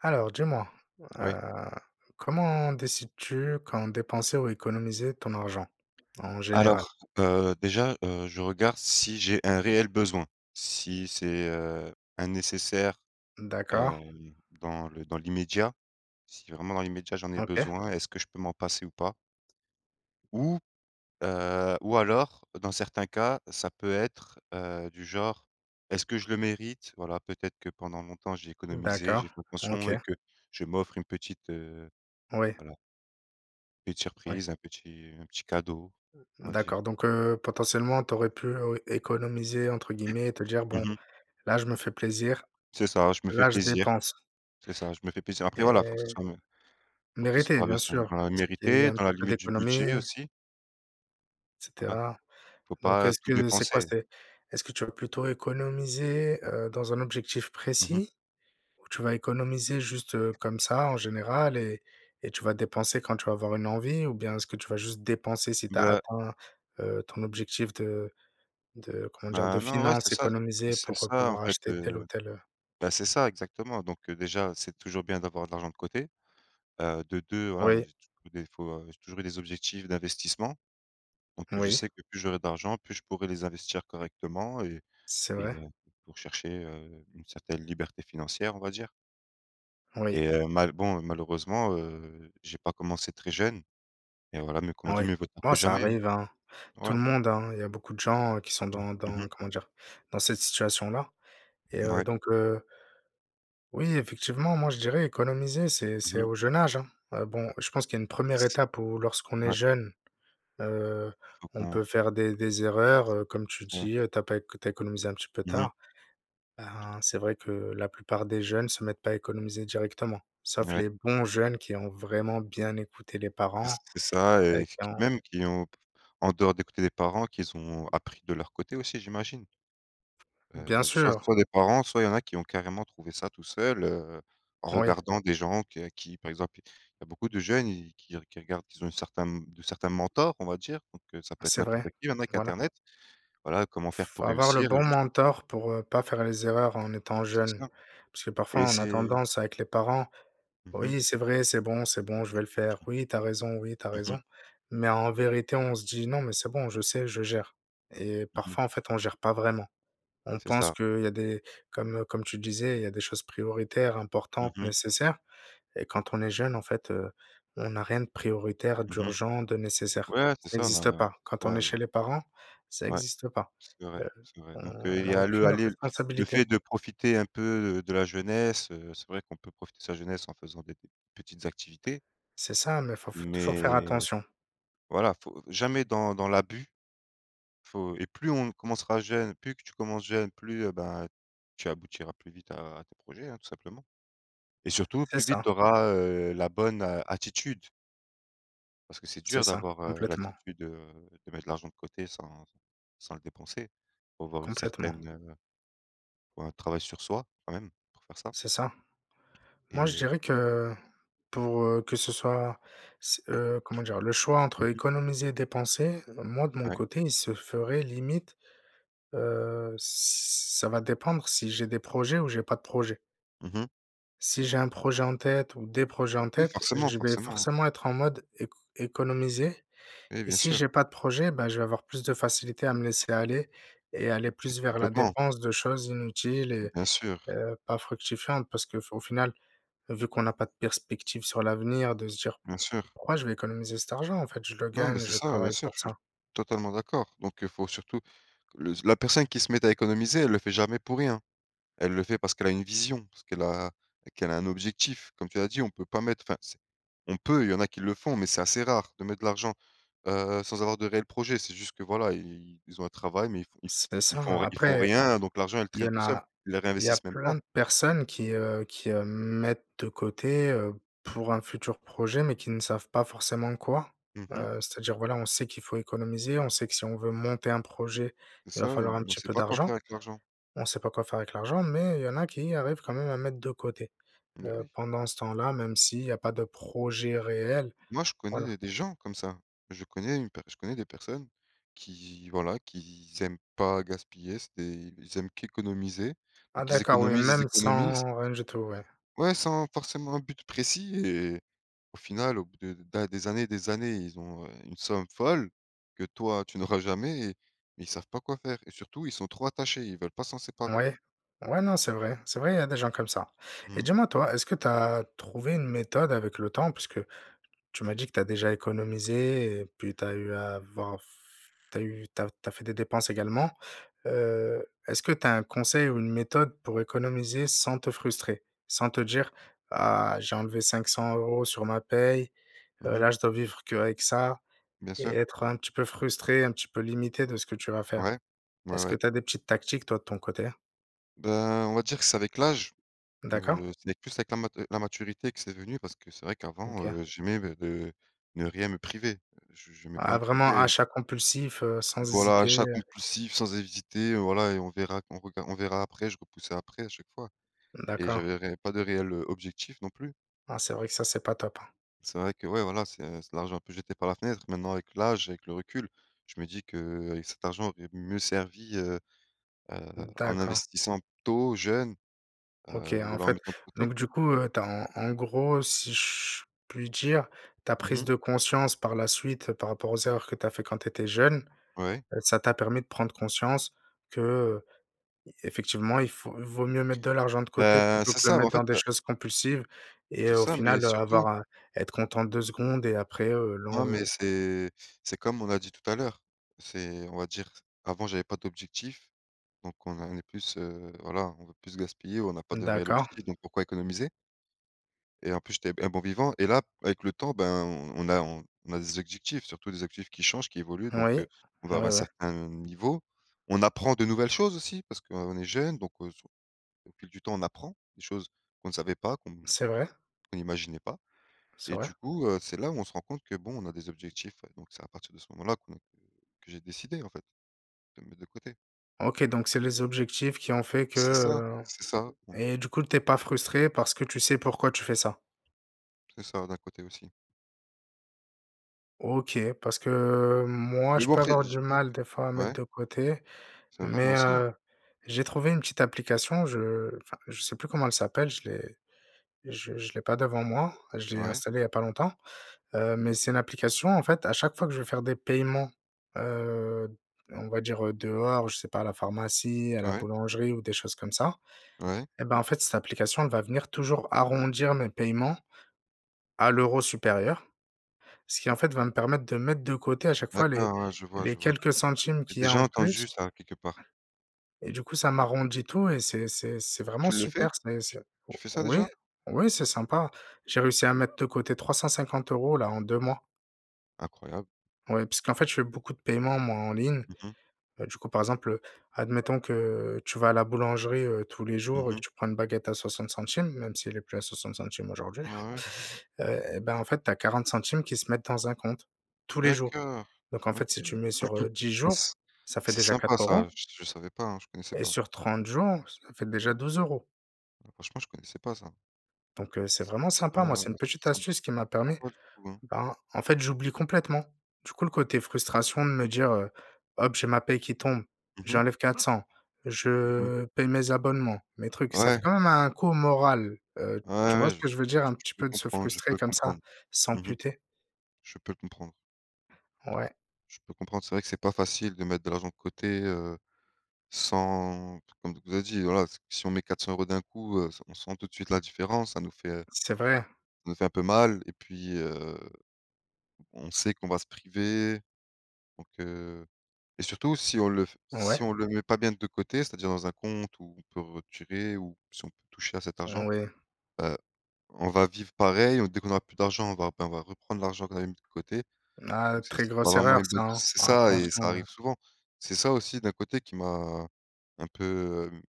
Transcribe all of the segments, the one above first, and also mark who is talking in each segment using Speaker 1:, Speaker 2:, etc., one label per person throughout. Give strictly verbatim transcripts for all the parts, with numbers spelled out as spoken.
Speaker 1: Alors dis-moi,
Speaker 2: Oui.
Speaker 1: heu, comment décides-tu quand dépenser ou économiser ton argent, en général?
Speaker 2: Alors, heu, déjà, heu, je regarde si j'ai un réel besoin. Si c'est, heu, un nécessaire,
Speaker 1: D'accord.
Speaker 2: heu, dans le dans l'immédiat. Si vraiment dans l'immédiat j'en ai
Speaker 1: OK.
Speaker 2: besoin, est-ce que je peux m'en passer ou pas? Ou, heu, ou alors, dans certains cas, ça peut être, heu, du genre est-ce que je le mérite? Voilà, peut-être que pendant longtemps j'ai économisé,
Speaker 1: D'accord,
Speaker 2: j'ai fait
Speaker 1: OK.
Speaker 2: attention et que je m'offre une petite, heu
Speaker 1: Oui.
Speaker 2: voilà petite
Speaker 1: Ouais.
Speaker 2: surprise, un petit un petit cadeau,
Speaker 1: Mmh,
Speaker 2: on va dire.
Speaker 1: d'accord donc heu, potentiellement, tu aurais pu «économiser», entre guillemets et te dire:
Speaker 2: Mmh
Speaker 1: «Bon,
Speaker 2: mh.
Speaker 1: là, je me fais plaisir,
Speaker 2: C'est ça, je me fais
Speaker 1: là je
Speaker 2: plaisir,
Speaker 1: dépense».
Speaker 2: c'est ça, je me fais plaisir. Après voilà,
Speaker 1: Et
Speaker 2: faut que ça soit me
Speaker 1: mériter bien sûr,
Speaker 2: [unintelligible]
Speaker 1: c'est qu'il y a eu
Speaker 2: mérité
Speaker 1: un
Speaker 2: dans
Speaker 1: petit
Speaker 2: la
Speaker 1: peu
Speaker 2: limite du budget,
Speaker 1: d'économies
Speaker 2: aussi.
Speaker 1: et
Speaker 2: Voilà,
Speaker 1: cetera.
Speaker 2: faut
Speaker 1: Donc,
Speaker 2: pas
Speaker 1: est-ce
Speaker 2: tout
Speaker 1: que c'est quoi?
Speaker 2: dépenser.
Speaker 1: C'est est-ce que tu vas plutôt économiser, heu, dans un objectif
Speaker 2: Mmh mh.
Speaker 1: précis ou tu vas économiser, juste, heu, comme ça en général et et tu vas dépenser quand tu vas avoir une envie? Ou bien, est-ce que tu vas juste dépenser si tu as
Speaker 2: Bah.
Speaker 1: atteint, heu, ton objectif de de comment dire?
Speaker 2: Bah,
Speaker 1: De
Speaker 2: non, ouais,
Speaker 1: finance?
Speaker 2: c'est ça,
Speaker 1: Economiser
Speaker 2: c'est c'est
Speaker 1: pour
Speaker 2: ça, en
Speaker 1: pouvoir
Speaker 2: fait,
Speaker 1: acheter telle ou
Speaker 2: heu,
Speaker 1: telle heu
Speaker 2: bah, c'est ça exactement donc heu, déjà c'est toujours bien d'avoir de l'argent de côté. Heu, de deux voilà,
Speaker 1: Oui.
Speaker 2: [unintelligible] des fois, j'ai toujours eu des objectifs d'investissement. Donc heu, je
Speaker 1: Oui.
Speaker 2: sais que plus j'aurais de l'argent plus je pourrais les investir correctement et
Speaker 1: C'est vrai.
Speaker 2: et pour chercher, heu, une certaine liberté financière, on va dire.
Speaker 1: Oui.
Speaker 2: Et heu, mal bon, malheureusement, heu, j'ai pas commencé très jeune et voilà mais comme on
Speaker 1: Oui.
Speaker 2: dit: «Mieux vaut tard
Speaker 1: Bon,
Speaker 2: que
Speaker 1: ça
Speaker 2: jamais.»
Speaker 1: arrive, hein. Tout
Speaker 2: Voilà.
Speaker 1: le monde, hein, il y a beaucoup de gens, heu, qui sont dans
Speaker 2: Mmh mh.
Speaker 1: dans comment dire, dans cette situation-là et heu
Speaker 2: Ouais.
Speaker 1: donc heu Oui, effectivement, moi, je dirais économiser, c'est
Speaker 2: Mmh
Speaker 1: c'est
Speaker 2: mh.
Speaker 1: au jeune âge, hein. Heu, bon, je pense qu'il y a une
Speaker 2: C
Speaker 1: première
Speaker 2: c
Speaker 1: étape où, lorsqu'on est
Speaker 2: ouais.
Speaker 1: jeune, heu,
Speaker 2: Faut
Speaker 1: on
Speaker 2: qu'on
Speaker 1: peut faire des des erreurs, heu, comme tu
Speaker 2: [unintelligible]
Speaker 1: dis. Tu as pas éc tu as économisé un petit peu
Speaker 2: Mmh mh.
Speaker 1: tard. Ben, c'est vrai que la plupart des jeunes se mettent pas à économiser directement, sauf
Speaker 2: Ouais.
Speaker 1: les bons jeunes qui ont vraiment bien écouté les parents,
Speaker 2: C c'est ça
Speaker 1: heu,
Speaker 2: et qui
Speaker 1: qui
Speaker 2: qui,
Speaker 1: ont
Speaker 2: même, qui ont, en dehors d'écouter les parents, qu'ils ont appris de leur côté, aussi, j'imagine.
Speaker 1: Bien
Speaker 2: Heu, soit
Speaker 1: sûr.
Speaker 2: soit les parents, soit il y en a qui ont carrément trouvé ça tout seuls, heu, en
Speaker 1: Oui.
Speaker 2: regardant des gens que à qui, par exemple, il y a beaucoup de jeunes, ils qui qui regardent qu'ils ont un certain, hem, de certain mentor, on va dire donc ça peut être
Speaker 1: C'est vrai.
Speaker 2: n'importe qui, maintenant, avec
Speaker 1: Voilà.
Speaker 2: internet. Voilà comment faire
Speaker 1: Faut
Speaker 2: pour
Speaker 1: avoir le
Speaker 2: réussir et
Speaker 1: bon
Speaker 2: juste
Speaker 1: mentor pour, heu, pas faire les erreurs en étant
Speaker 2: C'est
Speaker 1: jeune
Speaker 2: ça
Speaker 1: parce que, parfois,
Speaker 2: et
Speaker 1: on a
Speaker 2: c'est
Speaker 1: tendance avec les parents:
Speaker 2: Mmh mh.
Speaker 1: «Oui, c'est vrai. C'est bon, c'est bon, je vais le faire. Oui, tu as raison. Oui, tu as
Speaker 2: Mmh mh.
Speaker 1: raison» mais en vérité, on se dit: «Non, mais c'est bon. Je sais, je gère» et
Speaker 2: Mmh mh.
Speaker 1: parfois, en fait, on gère pas vraiment. On
Speaker 2: C'est
Speaker 1: pense
Speaker 2: ça.
Speaker 1: qu'il y a des comme comme tu disais, il y a des choses prioritaires,
Speaker 2: Mmh
Speaker 1: importantes,
Speaker 2: mh.
Speaker 1: nécessaires et quand on est jeune, en fait, heu, on a rien de prioritaire,
Speaker 2: Mmh mh.
Speaker 1: d'urgent, de nécessaire.
Speaker 2: Ouais, c'est
Speaker 1: Ça
Speaker 2: ça, on
Speaker 1: existe
Speaker 2: a
Speaker 1: pas.
Speaker 2: tu
Speaker 1: Quand on est
Speaker 2: vois, i
Speaker 1: chez les parents, ça
Speaker 2: Ouais,
Speaker 1: existe pas.
Speaker 2: c'est vrai,
Speaker 1: Heu,
Speaker 2: c'est vrai donc heu,
Speaker 1: on
Speaker 2: il y
Speaker 1: a
Speaker 2: a le
Speaker 1: aucune, heu,
Speaker 2: allez le fait
Speaker 1: responsabilité.
Speaker 2: de profiter un peu de de la jeunesse, heu, c'est vrai qu'on peut profiter de sa jeunesse en faisant des p petites activités
Speaker 1: C'est ça mais il faut faut toujours faire
Speaker 2: mais
Speaker 1: attention.
Speaker 2: voilà, faut jamais dans dans l'abus. Faut et plus, on commencera jeune, plus que tu commences jeune, plus, heu, ben, tu aboutiras plus vite à tes projets, hein, tout simplement. Et surtout
Speaker 1: C'est
Speaker 2: plus vite
Speaker 1: ça.
Speaker 2: tu auras, heu, la bonne a attitude. Parce que c'est
Speaker 1: C'est
Speaker 2: dur
Speaker 1: ça.
Speaker 2: d'avoir, heu,
Speaker 1: Complètement.
Speaker 2: l'attitude, heu, de mettre de l'argent de côté sans sans sans le dépenser. Faut avoir une
Speaker 1: Complètement.
Speaker 2: certaine, heu, faut un travail sur soi, quand même, pour faire ça.
Speaker 1: C'est ça. Moi, je
Speaker 2: Et heu
Speaker 1: dirais que, pour, heu, que ce soit c'est, heu comment dire? Le choix entre
Speaker 2: Mmh mh.
Speaker 1: économiser et dépenser, moi, de mon
Speaker 2: Ouais.
Speaker 1: côté, il se ferait limite, heu, ç ç ça va dépendre si j'ai des projets ou j'ai pas de projets
Speaker 2: Mmh mh.
Speaker 1: si j'ai un projet en tête, ou des projets en
Speaker 2: Oui,
Speaker 1: tête,
Speaker 2: forcément,
Speaker 1: je vais
Speaker 2: forcément, hein.
Speaker 1: forcément être en mode éco économiser.
Speaker 2: Oui,
Speaker 1: Et
Speaker 2: bien
Speaker 1: si
Speaker 2: sûr.
Speaker 1: j'ai pas de projet, bah, je vais avoir plus de facilité à me laisser aller et aller
Speaker 2: Com
Speaker 1: plus vers la
Speaker 2: complètement.
Speaker 1: dépense de choses inutiles et
Speaker 2: Bien sûr.
Speaker 1: heu, pas fructifiantes. Parce que f au final, vu qu'on n'a pas de perspective sur l'avenir de se dire:
Speaker 2: Bien sûr.
Speaker 1: «Pourquoi je vais économiser cet argent, en fait? Je le
Speaker 2: Non, mais
Speaker 1: gagne,
Speaker 2: c'est
Speaker 1: je
Speaker 2: ça. Bien
Speaker 1: travaille
Speaker 2: sûr,
Speaker 1: pour
Speaker 2: je suis
Speaker 1: ça».
Speaker 2: totalement d'accord. Donc, heu, faut surtout le la personne qui se met à économiser, elle le fait jamais pour rien. Elle le fait parce qu'elle a une vision, parce qu'elle a qu'elle a un objectif. Comme tu l'as dit on peut pas mettre enfin c'est on peut, il y en a qui le font mais c'est assez rare de mettre de l'argent, heu, sans avoir de réels projet c'est juste que, voilà, i ils ont un travail, mais ils font ils f
Speaker 1: C'est
Speaker 2: ils font
Speaker 1: ça.
Speaker 2: r ils font
Speaker 1: Après,
Speaker 2: rien. Donc l'argent, il
Speaker 1: il y
Speaker 2: traîne
Speaker 1: en
Speaker 2: tout seul,
Speaker 1: a,
Speaker 2: il le
Speaker 1: il y a
Speaker 2: réinvestissent même
Speaker 1: plein
Speaker 2: pas.
Speaker 1: de personnes qui, heu qui, heu, mettent de côté, heu, pour un futur projet, mais qui ne savent pas forcément quoi.
Speaker 2: Mmh mh.
Speaker 1: Heu, c'est-à-dire, voilà on sait qu'il faut économiser, on sait que, si on veut monter un projet,
Speaker 2: C'est
Speaker 1: il va
Speaker 2: ça. Et
Speaker 1: falloir un
Speaker 2: hem, on
Speaker 1: petit
Speaker 2: sait
Speaker 1: peu
Speaker 2: pas quoi faire
Speaker 1: d'argent.
Speaker 2: avec l'argent.
Speaker 1: On sait pas quoi faire avec l'argent, mais il y en a qui arrivent quand même à mettre de côté,
Speaker 2: Mais
Speaker 1: heu,
Speaker 2: oui.
Speaker 1: pendant ce temps là, même s'il y a pas de projet réel,
Speaker 2: Moi, je connais, il
Speaker 1: voilà.
Speaker 2: y a des gens comme ça. Je connais une pe je connais des personnes qui, voilà, qui z aiment pas gaspiller. C'est des ils aiment qu'économiser.
Speaker 1: Ah,
Speaker 2: Donc ils
Speaker 1: d'accord. Oui,
Speaker 2: économisent, ils
Speaker 1: même
Speaker 2: économisent
Speaker 1: sans rien du tout. Ouais.
Speaker 2: ouais, sans forcément un but précis et au final, au bout de da des années, des années, ils ont une somme folle que, toi, tu n'auras jamais et mais ils savent pas quoi faire et surtout, ils sont trop attachés, ils veulent pas s'en séparer.
Speaker 1: Ouais, ouais, non c'est vrai. C'est vrai, il y a des gens comme ça. Et
Speaker 2: Mmh.
Speaker 1: dis-moi, toi, est-ce que tu as trouvé une méthode avec le temps, puisque tu m'as dit que tu as déjà économisé et puis tu as eu avant f tu as eu tu as tu as fait des dépenses également. Heu, est-ce que tu as un conseil ou une méthode pour économiser sans te frustrer? Sans te dire: «Ah j'ai enlevé cinq cent euros sur ma paie.
Speaker 2: Mmh
Speaker 1: Heu,
Speaker 2: mh.
Speaker 1: là je dois vivre qu'avec ça»
Speaker 2: Bien
Speaker 1: et
Speaker 2: sûr.
Speaker 1: être un petit peu frustré, un petit peu limité de ce que tu vas faire.
Speaker 2: Ouais. Ouais,
Speaker 1: Est-ce que
Speaker 2: ouais.
Speaker 1: t'as des petites tactiques, toi, de ton côté?
Speaker 2: Ben, on va dire que c'est avec l'âge,
Speaker 1: D'accord.
Speaker 2: heu, c'est plus avec la mat la maturité que c'est venu, parce que c'est vrai qu'avant,
Speaker 1: OK.
Speaker 2: heu, j'aimais me de ne rien me priver. Je j'aimais pas
Speaker 1: Ah,
Speaker 2: me
Speaker 1: vraiment
Speaker 2: priver
Speaker 1: achats compulsifs, heu, sans
Speaker 2: voilà,
Speaker 1: hésiter.
Speaker 2: achats compulsifs sans hésiter, voilà et on verra qu'on rega on verra après, je repoussai après à chaque fois et
Speaker 1: D'accord.
Speaker 2: j'avais ré pas de réel, heu, objectif non plus.
Speaker 1: Ah, c'est vrai que ça c'est pas top, hein.
Speaker 2: C'est vrai que ouais, voilà, c'est c'est de l'argent un peut jeté par la fenêtre. Maintenant avec l'âge, avec le recul, je me dis qu'avec cet argent, aurait mieux servi, heu heu,
Speaker 1: Mmh,
Speaker 2: en
Speaker 1: d'accord.
Speaker 2: investissant tôt, jeune,
Speaker 1: OK,
Speaker 2: heu,
Speaker 1: ah,
Speaker 2: ou
Speaker 1: en
Speaker 2: alors en
Speaker 1: fait
Speaker 2: mettant de côté.
Speaker 1: donc du coup, heu, tu as en en gros, heu, si ch je puis dire, ta
Speaker 2: Mmh
Speaker 1: prise
Speaker 2: mh.
Speaker 1: de conscience par la suite par rapport aux erreurs que tu as fait quand tu étais jeune,
Speaker 2: Ouais.
Speaker 1: heu, ça t'a permis de prendre conscience que, heu, effectivement il faut vaut mieux mettre de l'argent de côté
Speaker 2: Bah,
Speaker 1: plutôt
Speaker 2: c'est
Speaker 1: que le
Speaker 2: ça, bah,
Speaker 1: mettre
Speaker 2: en
Speaker 1: dans
Speaker 2: fait,
Speaker 1: des
Speaker 2: heu
Speaker 1: choses compulsives et
Speaker 2: C'est
Speaker 1: au
Speaker 2: ça, mais
Speaker 1: final, heu,
Speaker 2: surtout
Speaker 1: avoir, heu être content deux secondes et après, heu, l'en
Speaker 2: Non, mais
Speaker 1: heu
Speaker 2: c'est c'est comme on a dit tout à l'heure, c'est on va dire avant j'avais pas d'objectif donc on en est plus, heu voilà on veut plus gaspiller, on n'a pas
Speaker 1: Mmh,
Speaker 2: de réel
Speaker 1: d'accord.
Speaker 2: objectifs donc pourquoi économiser? Et en plus j'étais b un bon vivant et là b avec le temps, ben, on on a on a des objectifs, surtout des objectifs qui changent, qui évoluent donc
Speaker 1: Ouais.
Speaker 2: heu, on va
Speaker 1: Ouais,
Speaker 2: avoir un
Speaker 1: ouais.
Speaker 2: certain niveau. On apprend de nouvelles choses aussi, parce qu'on est jeune donc heu, se au fil du temps, on apprend des choses qu'on ne savait pas, qu'on
Speaker 1: C'est
Speaker 2: qu'on
Speaker 1: vrai.
Speaker 2: imaginait pas
Speaker 1: C'est
Speaker 2: et
Speaker 1: vrai.
Speaker 2: du coup heu, c'est là où on se rend compte que bon on a des objectifs, heu, donc c'est à partir de ce moment-là, quoi, que que j'ai décidé en fait, de mettre de côté.
Speaker 1: OK donc c'est les objectifs qui ont fait que,
Speaker 2: C'est ça,
Speaker 1: heu
Speaker 2: c'est ça. On
Speaker 1: et du coup tu es pas frustré parce que tu sais pourquoi tu fais ça.
Speaker 2: C'est ça, d'un côté aussi.
Speaker 1: OK. Parce que, heu, moi
Speaker 2: Mais
Speaker 1: je
Speaker 2: bon
Speaker 1: peux
Speaker 2: après,
Speaker 1: avoir du
Speaker 2: je moi
Speaker 1: mal des fois à
Speaker 2: que
Speaker 1: mettre
Speaker 2: ouais?
Speaker 1: de côté,
Speaker 2: C'est vrai, moi
Speaker 1: mais
Speaker 2: aussi, hein.
Speaker 1: heu, j'ai trouvé une petite application, je enfin je sais plus comment elle s'appelle, je l'ai je je l'ai pas devant moi. Je l'ai
Speaker 2: Ouais.
Speaker 1: installé il y a pas longtemps, heu mais c'est une application en fait à chaque fois que je vais faire des paiements, heu, on va dire, heu, dehors, je sais pas à la pharmacie, à la
Speaker 2: Ouais.
Speaker 1: boulangerie ou des choses comme ça
Speaker 2: Ouais.
Speaker 1: et ben, en fait, cette application elle va venir toujours arrondir mes paiements à l'euro supérieur. Ce qui, en fait, va me permettre de mettre de côté à chaque fois les
Speaker 2: D'accord, ouais, je vois,
Speaker 1: les
Speaker 2: je vois.
Speaker 1: quelques centimes
Speaker 2: J'ai
Speaker 1: qu'il y a
Speaker 2: déjà
Speaker 1: en plus
Speaker 2: entendu ça quelque part.
Speaker 1: et du coup ça m'arrondit tout et c'est c'est c'est vraiment
Speaker 2: Tu le fais?
Speaker 1: super. C'est c'est
Speaker 2: Tu tu fais ça
Speaker 1: oui,
Speaker 2: déjà?
Speaker 1: oui, c'est sympa. J'ai réussi à mettre de côté trois cent cinquante euros là en deux mois.
Speaker 2: Incroyable!
Speaker 1: Ouais. Parce qu'en fait, je fais beaucoup de paiements, moi, en ligne,
Speaker 2: Mmh mh.
Speaker 1: heu, du coup, par exemple, heu, admettons que, heu, tu vas à la boulangerie, heu, tous les
Speaker 2: Mmh
Speaker 1: jours et que
Speaker 2: mh.
Speaker 1: tu prends une baguette à soixante centimes. Même si elle est plus à soixante centimes aujourd'hui,
Speaker 2: Ouais, ouais, ouais.
Speaker 1: heu et ben, en fait, tu as quarante centimes qui se mettent dans un compte, tous les jours,
Speaker 2: D'accord!
Speaker 1: donc en
Speaker 2: OK,
Speaker 1: fait si tu mets sur, heu, dix
Speaker 2: mais
Speaker 1: jours,
Speaker 2: s
Speaker 1: ça fait
Speaker 2: c'est
Speaker 1: déjà
Speaker 2: sympa
Speaker 1: quatre euros
Speaker 2: ça, je s je savais pas, hein, je connaissais
Speaker 1: et
Speaker 2: pas.
Speaker 1: sur trente jours, ça fait déjà douze euros.
Speaker 2: Franchement, je connaissais pas ça.
Speaker 1: Donc heu, c'est
Speaker 2: S
Speaker 1: vraiment
Speaker 2: c'est pas
Speaker 1: sympa.
Speaker 2: mal,
Speaker 1: Moi, c'est
Speaker 2: hein.
Speaker 1: une
Speaker 2: C'est
Speaker 1: petite
Speaker 2: symp
Speaker 1: astuce qui m'a
Speaker 2: pas
Speaker 1: permis
Speaker 2: mal du tout, hein.
Speaker 1: bah, en fait, j'oublie complètement, du coup, le côté frustration de me dire, heu: «Hop j'ai ma paye qui tombe,
Speaker 2: Mmh mh.
Speaker 1: j'enlève quatre cent,
Speaker 2: Mmh mh.
Speaker 1: je paye mes abonnements, mes trucs» ça fait
Speaker 2: Ouais.
Speaker 1: quand même un coup au moral, heu,
Speaker 2: Ouais,
Speaker 1: tu vois
Speaker 2: ouais,
Speaker 1: ce
Speaker 2: je
Speaker 1: que je veux dire? Un
Speaker 2: je
Speaker 1: petit
Speaker 2: peux
Speaker 1: peu de se
Speaker 2: comprendre, je
Speaker 1: frustrer
Speaker 2: peux
Speaker 1: comme ça,
Speaker 2: comprendre. Mmh mh,
Speaker 1: s'amputer.
Speaker 2: je peux comprendre.
Speaker 1: Ouais.
Speaker 2: Je peux comprendre. C'est vrai que c'est pas facile de mettre de l'argent de côté, heu, sans comme on vous a dit, voilà, si on met quatre cent euros d'un coup, heu, s on sent tout de suite la différence. Ça nous fait, heu, ça
Speaker 1: C'est vrai.
Speaker 2: nous fait un peu mal et puis, heu, on sait qu'on va se priver. Donc heu et surtout si on le f si
Speaker 1: Ouais.
Speaker 2: on le met pas bien de côté, c'est-à-dire dans un compte où on peut retirer ou si on peut toucher à cet argent,
Speaker 1: Mmh oui.
Speaker 2: heu, on va vivre pareil. Heu, dès qu'on aura plus d'argent, on va p on va reprendre l'argent qu'on avait mis de côté,
Speaker 1: Ah,
Speaker 2: donc c'est
Speaker 1: très
Speaker 2: c'est pas
Speaker 1: grosse
Speaker 2: vraiment.
Speaker 1: erreur ça,
Speaker 2: [unintelligible]
Speaker 1: hein!
Speaker 2: C c'est ça et ça
Speaker 1: Attention.
Speaker 2: arrive souvent. C'est ça aussi d'un côté qui m'a, un peu, hem,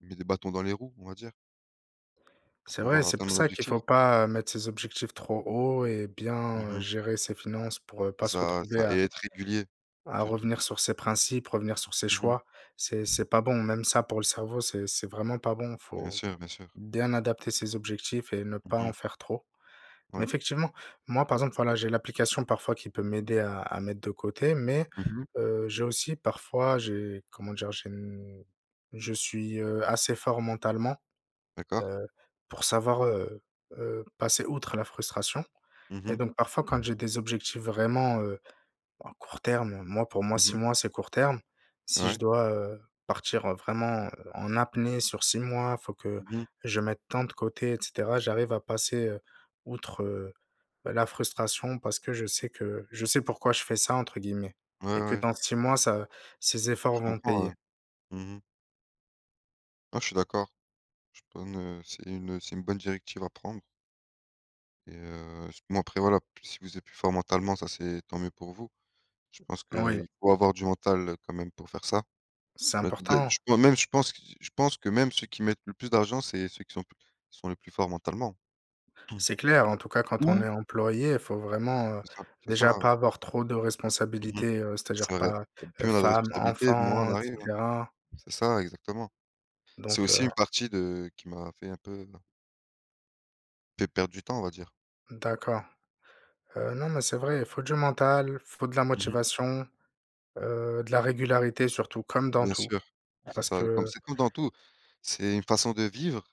Speaker 2: mis des bâtons dans les roues, on va dire. Pour
Speaker 1: C'est vrai,
Speaker 2: pouvoir
Speaker 1: c'est pour
Speaker 2: atteindre
Speaker 1: ça qu'il faut
Speaker 2: l'objectif?
Speaker 1: pas, heu, mettre ses objectifs trop haut et
Speaker 2: Mmh
Speaker 1: bien
Speaker 2: mh.
Speaker 1: gérer ses finances pour, heu, pas se
Speaker 2: Ça
Speaker 1: retrouver
Speaker 2: ça
Speaker 1: à
Speaker 2: et être régulier,
Speaker 1: à
Speaker 2: surtout.
Speaker 1: revenir sur ses principes, revenir sur ses
Speaker 2: Mmh
Speaker 1: choix, c'est
Speaker 2: mh.
Speaker 1: c'est pas bon, même ça pour le cerveau c'est c'est vraiment pas bon,
Speaker 2: Bien
Speaker 1: faut
Speaker 2: sûr, bien sûr.
Speaker 1: bien adapter ses objectifs et ne
Speaker 2: Mmh
Speaker 1: pas en
Speaker 2: mh.
Speaker 1: faire trop. Mais
Speaker 2: Ouais.
Speaker 1: effectivement, moi, par exemple, voilà, j'ai l'application parfois qui peut m'aider à à mettre de côté mais,
Speaker 2: Mmh mh.
Speaker 1: heu, j'ai aussi parfois, j'ai comment dire? J'ai je suis, heu, assez fort mentalement,
Speaker 2: D'accord.
Speaker 1: heu, pour savoir, heu heu, passer outre la frustration
Speaker 2: Mmh
Speaker 1: et
Speaker 2: mh.
Speaker 1: donc parfois quand j'ai des objectifs vraiment, heu, à court terme moi pour moi
Speaker 2: Mmh
Speaker 1: six
Speaker 2: mh.
Speaker 1: mois c'est court terme. Si je
Speaker 2: Ouais.
Speaker 1: dois, heu, partir, heu, vraiment, heu, en apnée sur six mois, faut que
Speaker 2: Mmh mh.
Speaker 1: je mette tant de côté et cetera, j'arrive à passer, heu, outre, heu, bah, la frustration parce que je sais que «je sais pourquoi je fais ça» entre guillemets
Speaker 2: Ouais,
Speaker 1: et que
Speaker 2: ouais.
Speaker 1: dans six mois, ça ces
Speaker 2: Je
Speaker 1: efforts vont
Speaker 2: comprends ouais,
Speaker 1: payer.
Speaker 2: mmh mh. Ah je suis d'accord, je [unintelligible] c'est une, heu, c'est une bonne directive à prendre. Et heu, s bon après voilà, si vous êtes plus fort mentalement ça c'est tant mieux pour vous. Je pense
Speaker 1: Oui.
Speaker 2: qu'il faut avoir du mental quand même pour faire ça.
Speaker 1: C'est important.
Speaker 2: [unintelligible] même je pense q je pense que même ceux qui mettent le plus d'argent c'est ceux qui sont pl qui sont les plus forts mentalement.
Speaker 1: C'est clair en tout cas quand on
Speaker 2: ou
Speaker 1: est employé, faut vraiment, heu,
Speaker 2: C'est ça, c'est ça,
Speaker 1: déjà
Speaker 2: ouais.
Speaker 1: pas avoir trop de
Speaker 2: Mmh mh.
Speaker 1: responsabilités, heu, c'est-à-dire
Speaker 2: C'est vrai,
Speaker 1: pas, heu,
Speaker 2: plus on a de
Speaker 1: femme,
Speaker 2: responsabilité, moins
Speaker 1: enfants
Speaker 2: on
Speaker 1: et
Speaker 2: arrive, hein.
Speaker 1: cetera.
Speaker 2: C'est ça exactement, c'est
Speaker 1: Donc
Speaker 2: aussi
Speaker 1: heu
Speaker 2: une partie de qui m'a fait un peu fait perdre du temps, on va dire.
Speaker 1: D'accord, heu, non mais c'est vrai. Il faut du mental, faut de la
Speaker 2: Mmh mh.
Speaker 1: motivation, heu, de la régularité surtout! Comme dans
Speaker 2: Bien
Speaker 1: tout,
Speaker 2: sûr, c'est
Speaker 1: parce
Speaker 2: ça. Comme
Speaker 1: que
Speaker 2: c'est comme dans tout, c'est une façon de vivre.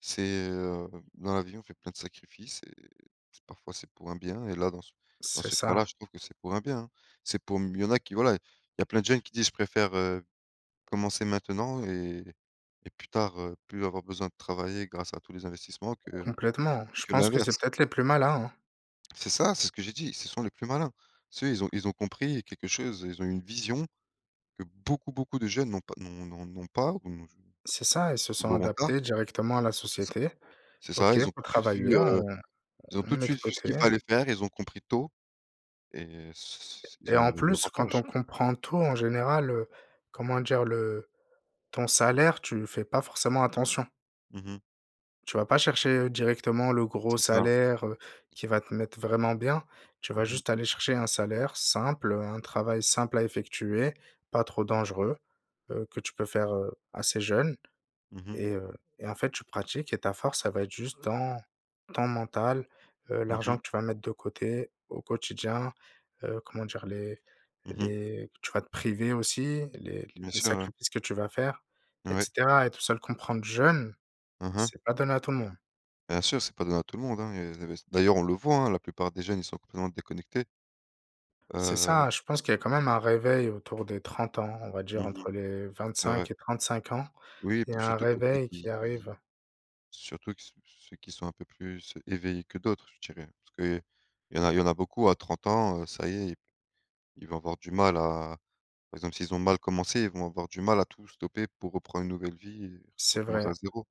Speaker 2: C'est, heu dans la vie on fait plein de sacrifices et c'est parfois c'est pour un bien et là dans ce dans
Speaker 1: C'est
Speaker 2: ce cas là
Speaker 1: ça.
Speaker 2: je trouve que c'est pour un bien, hein. C'est pour m il y en a qui, voilà, il y a plein de jeunes qui disent je préfère, heu, commencer maintenant et et plus tard, heu, plus avoir besoin de travailler grâce à tous les investissements que
Speaker 1: Complètement, je
Speaker 2: que
Speaker 1: pense que c'est
Speaker 2: l'inverse.
Speaker 1: peut-être les plus malins, hein.
Speaker 2: C'est ça, c'est ce que j'ai dit, ce sont les plus malins. Tu sais, ils ont ils ont compris quelque chose, ils ont eu une vision que beaucoup, beaucoup de jeunes n'ont pas n'ont n'ont n'ont pas on je
Speaker 1: C'est ça. Ils se
Speaker 2: ou
Speaker 1: sont
Speaker 2: l'auront tard.
Speaker 1: adaptés directement à la
Speaker 2: C'est ça
Speaker 1: société,
Speaker 2: c'est ça,
Speaker 1: OK,
Speaker 2: ils ont
Speaker 1: pour
Speaker 2: tout de suite vu,
Speaker 1: travailler, on
Speaker 2: heu, ils ont
Speaker 1: on
Speaker 2: tout de
Speaker 1: met de
Speaker 2: suite vu ce qu'il
Speaker 1: côté.
Speaker 2: fallait faire, ils ont compris tôt et ce c'est
Speaker 1: Et
Speaker 2: ils ont
Speaker 1: en
Speaker 2: eu
Speaker 1: plus quand
Speaker 2: l'avantage.
Speaker 1: on comprend tout en général, heu, comment dire? Le ton salaire, tu y fais pas forcément attention
Speaker 2: Mmh mh.
Speaker 1: tu vas pas chercher, heu, directement le gros
Speaker 2: C'est ça.
Speaker 1: salaire, heu, qui va te mettre vraiment bien. Tu vas
Speaker 2: Mmh mh.
Speaker 1: juste aller chercher un salaire simple, heu, un travail simple à effectuer, pas trop dangereux, heu, que tu peux faire, heu, assez jeune
Speaker 2: Mmh mh.
Speaker 1: et heu et en fait tu pratiques et ta force ça va être juste dans ton mental. Heu,
Speaker 2: Mmh
Speaker 1: l'argent
Speaker 2: mh.
Speaker 1: que tu vas mettre de côté au quotidien, heu, comment dire? Les
Speaker 2: Mmh mh.
Speaker 1: les tu vas te priver aussi, les
Speaker 2: Bien
Speaker 1: les
Speaker 2: sûr, ouais.
Speaker 1: sacrifices que tu vas faire et
Speaker 2: Ouais.
Speaker 1: cetera et tout ça le comprendre jeune,
Speaker 2: Hein, hein.
Speaker 1: c'est pas donné à tout le monde.
Speaker 2: Bien sûr, c'est pas donné à tout le monde, hein et il y a des inves d'ailleurs on le voit hein, la plupart des jeunes ils sont complètement déconnectés.
Speaker 1: C'est
Speaker 2: Heu,
Speaker 1: ça je pense qu'il y a
Speaker 2: si
Speaker 1: quand même un réveil autour des trente ans, on va dire,
Speaker 2: Mmh mh.
Speaker 1: entre les vingt
Speaker 2: C'est vrai.
Speaker 1: cinq et trente cinq ans,
Speaker 2: Oui
Speaker 1: il y
Speaker 2: pour
Speaker 1: a un
Speaker 2: surtout pour ceux
Speaker 1: réveil qui
Speaker 2: qui qui
Speaker 1: arrive.
Speaker 2: surtout que ceux ceux qui sont un peu plus éveillés que d'autres, je dirais. Parce qu'il y en a il y en a beaucoup à trente ans, heu, ça y est, ils ils vont avoir du mal à par exemple s'ils ont mal commencé, ils vont avoir du mal à tout stopper pour reprendre une nouvelle vie et tout
Speaker 1: C'est
Speaker 2: recommencer à
Speaker 1: vrai.
Speaker 2: zéro.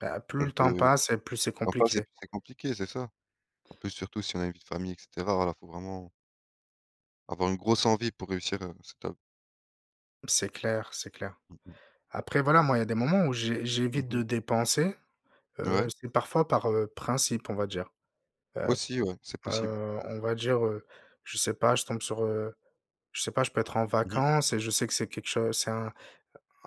Speaker 1: Bah, plus
Speaker 2: Alors
Speaker 1: le temps
Speaker 2: que
Speaker 1: passe et plus c'est
Speaker 2: parfois c'est
Speaker 1: compliqué.
Speaker 2: c'est compliqué, c'est ça, en plus, surtout si on a une vie de famille et cetera, voilà, il faut vraiment Avoir une grosse envie pour réussir, heu, cette, heu
Speaker 1: C'est clair, c'est clair.
Speaker 2: Mmh mh.
Speaker 1: Après voilà, moi il y a des moments où j'é
Speaker 2: Mmh
Speaker 1: j'évite
Speaker 2: mh.
Speaker 1: de dépenser, heu,
Speaker 2: Ouais.
Speaker 1: c'est parfois par, heu, principe on va dire, heu,
Speaker 2: Aussi ouais, c'est
Speaker 1: p
Speaker 2: possible.
Speaker 1: heu, on va dire, heu, je sais pas je tombe sur, heu, je sais pas, je peux être en
Speaker 2: Mmh mh.
Speaker 1: vacances et je sais que c'est quelque chose c'est un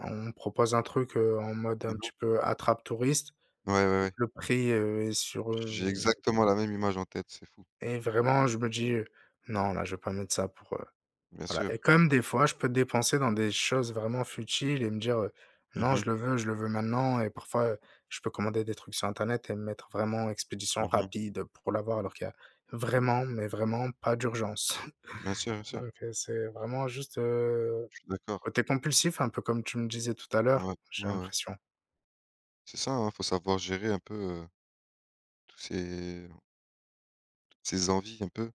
Speaker 1: on me propose un truc, heu, en mode
Speaker 2: Mmh
Speaker 1: un
Speaker 2: mh.
Speaker 1: petit peu attrape touristes
Speaker 2: Ouais, ouais,
Speaker 1: et
Speaker 2: ouais.
Speaker 1: que le prix, heu, est sur
Speaker 2: J'ai
Speaker 1: heu
Speaker 2: exactement la même image en tête, c'est fou!
Speaker 1: Et vraiment je me dis, heu: «Non là, je vais pas mettre ça pour, heu»
Speaker 2: Bien
Speaker 1: voilà, et
Speaker 2: sûr.
Speaker 1: comme des fois je peux dépenser dans des choses vraiment futiles et me dire, heu:
Speaker 2: Mmh
Speaker 1: «Non je
Speaker 2: mh.
Speaker 1: le veux, je le veux maintenant» et parfois, heu, je peux commander des trucs sur internet et mettre vraiment expédition
Speaker 2: Mmh mh.
Speaker 1: rapide, heu, pour l'avoir. Alors qu'il y a vraiment mais vraiment pas d'urgence.
Speaker 2: Bien sûr, bien sûr.
Speaker 1: Donc heu, c'est vraiment juste, heu,
Speaker 2: Je suis d'accord.
Speaker 1: côté compulsif un peu comme tu me disais tout à l'heure,
Speaker 2: Ouais.
Speaker 1: j'ai
Speaker 2: Ouais, ouais.
Speaker 1: l'impression.
Speaker 2: C'est ça, hein, il faut savoir gérer un peu, heu, tous ces toutes ces envies un peu.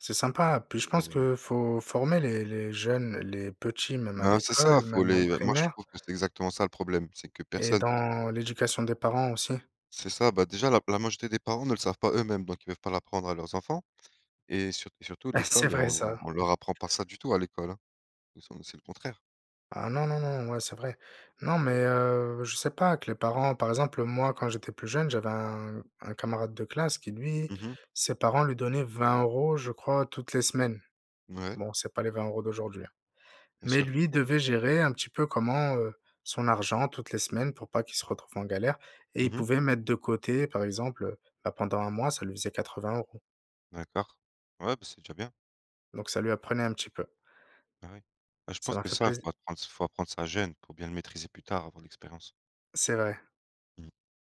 Speaker 1: C'est sympa puis
Speaker 2: Et
Speaker 1: je pense
Speaker 2: heu
Speaker 1: qu'il faut former les les jeunes, les petits même à
Speaker 2: Ben c'est ça,
Speaker 1: l'école,
Speaker 2: il faut
Speaker 1: même en
Speaker 2: les heu, moi je
Speaker 1: primaire
Speaker 2: trouve que c'est exactement ça le problème, c'est que
Speaker 1: et
Speaker 2: personne
Speaker 1: dans l'éducation des parents aussi.
Speaker 2: C'est ça, bah, déjà la la majorité des parents ne le savent pas eux-mêmes! Donc ils peuvent pas l'apprendre à leurs enfants et surt et surtout
Speaker 1: C'est
Speaker 2: l'école
Speaker 1: vrai
Speaker 2: on
Speaker 1: ça!
Speaker 2: on leur apprend pas ça du tout à l'école, hein. Ils sont c'est le contraire.
Speaker 1: Ah non, non, non, ouais c'est vrai. Non mais heu, je sais pas, que les parents par exemple moi quand j'étais plus jeune, j'avais un un camarade de classe qui lui,
Speaker 2: Mmh mh.
Speaker 1: ses parents lui donnaient vingt euros je crois toutes les semaines.
Speaker 2: Mouais.
Speaker 1: Bon c'est pas les vingt euros d'aujourd'hui, hein,
Speaker 2: Bien
Speaker 1: mais
Speaker 2: sûr.
Speaker 1: lui devait gérer un petit peu comment heu, son argent toutes les semaines pour pas qu'il se retrouve en galère et
Speaker 2: Mmh
Speaker 1: il
Speaker 2: mh.
Speaker 1: pouvait mettre de côté par exemple, bah pendant un mois ça lui faisait quatre vingt euros.
Speaker 2: D'accord. Ouais, bah, c'est déjà bien.
Speaker 1: Donc ça lui apprenait un petit peu.
Speaker 2: Ah oui, heu, je
Speaker 1: Ça
Speaker 2: pense
Speaker 1: m'a
Speaker 2: que
Speaker 1: fait
Speaker 2: ça il faut
Speaker 1: plaisi
Speaker 2: apprendre s il faut apprendre ça jeune, pour bien le maîtriser plus tard, avoir l'expérience.
Speaker 1: C'est vrai.
Speaker 2: Mmh.